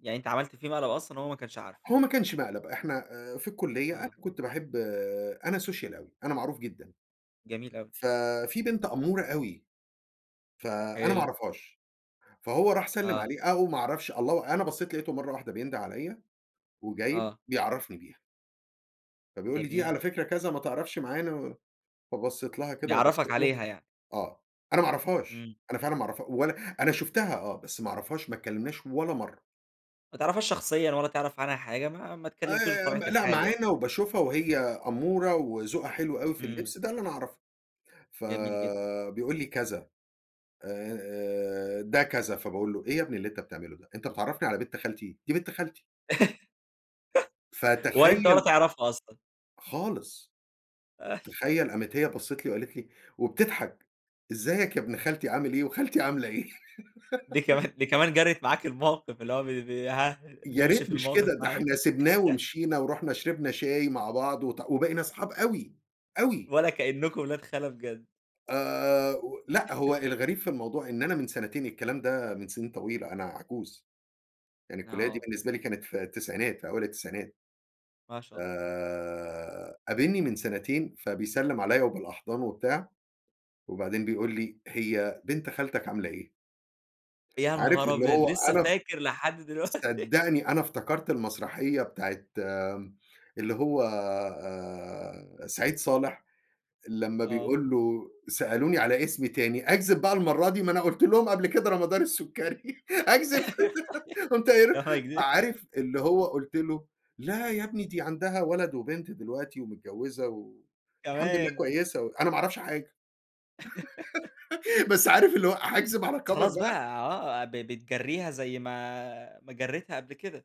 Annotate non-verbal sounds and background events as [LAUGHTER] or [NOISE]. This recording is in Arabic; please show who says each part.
Speaker 1: يعني أنت عَمَلت فيه مقلب أصلًا هو ما كانش عارفُه؟
Speaker 2: هو ما كانش مقلب إحنا آآ، في الكُلّية أنا
Speaker 1: آه.
Speaker 2: كنت باحب آآ، أنا Social أوي، أنا معروف جدًا.
Speaker 1: جميل
Speaker 2: امم،
Speaker 1: أوي.
Speaker 2: ف فيه بنت أمورة أوي ف أنا ما
Speaker 1: حلو.
Speaker 2: أعرفهاش، فهو راح سلِّم
Speaker 1: آه.
Speaker 2: عليها أو ما أعرفش الله أنا بصّيت لقيتُه مرّه واحدة بينده عليَّ، وجاي
Speaker 1: آه.
Speaker 2: بيعرّفني بيها. فبيقول لي دي
Speaker 1: جميل.
Speaker 2: على فكرة كذا ما تعرفش معانا، فبصّيت لها كده
Speaker 1: بيعرّفك
Speaker 2: وبصّيت له
Speaker 1: عليها يعني.
Speaker 2: آه، أنا ما أعرفهاش،
Speaker 1: امم.
Speaker 2: أنا فعلًا ما أعرفها ولا أنا شُفتها آه، بس ما أعرفهاش ما اتكلمناش ولا مرّه.
Speaker 1: ما تعرفهاش شخصيًا ولا تعرف عنها حاجة ما ما اتكلمتوش
Speaker 2: آآ، م
Speaker 1: بطبيعة
Speaker 2: لأ
Speaker 1: الحال يعني؟
Speaker 2: معانا وباشوفها وهي قمورة وذوقها حلو أوي في
Speaker 1: امم.
Speaker 2: الِلبس ده اللي أنا أعرفُه، ف
Speaker 1: جميل جدًا.
Speaker 2: آآ، بيقول لي كذا آآ، ده كذا فباقول له إيه يا ابني اللي أنت بتعملُه ده؟ أنت بتعرّفني على بنت خالتي؟! دي بنت خالتي.
Speaker 1: [LAUGHS] وأنت ولا
Speaker 2: فتخيّل
Speaker 1: تعرفها أصلًا؟
Speaker 2: خالص.
Speaker 1: [CHUCKLES]
Speaker 2: تخيّل قامت هي بصِّت لي وقالت لي وبتضحك، إزيك يا ابن خالتي عامل إيه؟ وخالتي عاملة إيه؟
Speaker 1: دي
Speaker 2: [LAUGHS]
Speaker 1: كمان دي كمان جَرِّت معاك الموقف، اللي هو ب ب ها
Speaker 2: يا
Speaker 1: نمشي
Speaker 2: ريت
Speaker 1: في
Speaker 2: مش
Speaker 1: الموقف
Speaker 2: كده، ده
Speaker 1: معاك.
Speaker 2: إحنا سِبناه
Speaker 1: [LAUGHS]
Speaker 2: ومشينا ورُحنا شربنا شاي مع بعض وات وبقينا اصحاب أوي، أوي.
Speaker 1: ولا كإنكم ولاد خالة بجد.
Speaker 2: آآ، و لأ هو
Speaker 1: [LAUGHS]
Speaker 2: الغريب في الموضوع إن أنا من سنتين، الكلام ده من سنين طويلة أنا عجوز، يعني الكُلّية دي
Speaker 1: آه.
Speaker 2: بالنسبة لي كانت في التسعينات في أوائل التسعينات.
Speaker 1: ما شاء الله.
Speaker 2: آآ، قابِلني من سنتين فبيسلّم عليَّ وبالأحضان وبتاع، وبعدين بيقول لي: "هي بنت خالتك عاملة إيه؟"
Speaker 1: يا
Speaker 2: عارف
Speaker 1: نهار
Speaker 2: اللي
Speaker 1: أبيض!
Speaker 2: هو
Speaker 1: لسه
Speaker 2: أنا [UNINTELLIGIBLE]
Speaker 1: فاكر لحد دلوقتي [LAUGHS]
Speaker 2: صدّقني أنا افتكرت المسرحية بتاعة آآ، اللي هو آآ، آآ سعيد صالح لمّا
Speaker 1: آه.
Speaker 2: بيقول له: "سألوني على اسمي تاني أكذب بقى المرّه دي؟ ما أنا قُلت لهم قبل كده رمضان السكري، أكذب؟"
Speaker 1: [LAUGHS] صحيح
Speaker 2: [LAUGHS] قُمت قايل له
Speaker 1: لا ما أكدبش.
Speaker 2: عارف اللي هو قُلت له: "لا يا ابني دي عندها ولد وبنت دلوقتي ومتجوزة و الحمد لله
Speaker 1: كمان؟
Speaker 2: كويسة"، أنا ما أعرفش حاجة
Speaker 1: [LAUGHS]
Speaker 2: [LAUGHS] بس عارف اللي هو هاكذب على
Speaker 1: بس
Speaker 2: كَبَر
Speaker 1: خلاص بقى،
Speaker 2: بقى؟
Speaker 1: آه ب بتجرّيها زي ما ما جرّيتها قبل كده.